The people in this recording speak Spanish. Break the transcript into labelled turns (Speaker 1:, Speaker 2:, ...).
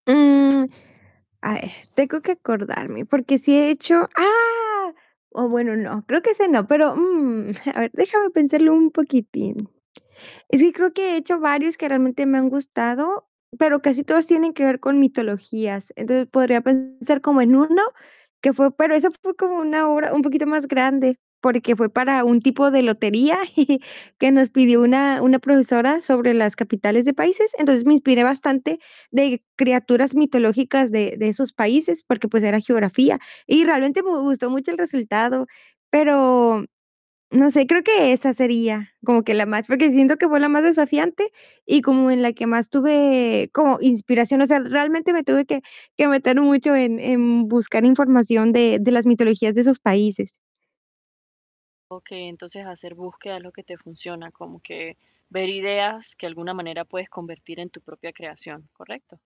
Speaker 1: Mm, a ver, tengo que acordarme, porque sí he hecho ¡ah!, o bueno, no, creo que ese no, pero, mm, a ver, déjame pensarlo un poquitín. Y sí, que creo que he hecho varios que realmente me han gustado, pero casi todos tienen que ver con mitologías. Entonces, podría pensar como en uno que fue pero eso fue como una obra un poquito más grande, porque fue para un tipo de lotería, que nos pidió una una profesora sobre las capitales de países. Entonces, me inspiré bastante de criaturas mitológicas de de esos países, porque, pues, era geografía y realmente me gustó mucho el resultado. Pero, no sé, creo que esa sería como que la más, porque siento que fue la más desafiante y como en la que más tuve como inspiración. O sea, realmente me tuve que que meter mucho en en buscar información de de las mitologías de esos países.
Speaker 2: Okey, entonces hacer búsqueda es lo que te funciona, como que ver ideas que de alguna manera puedes convertir en tu propia creación, ¿correcto?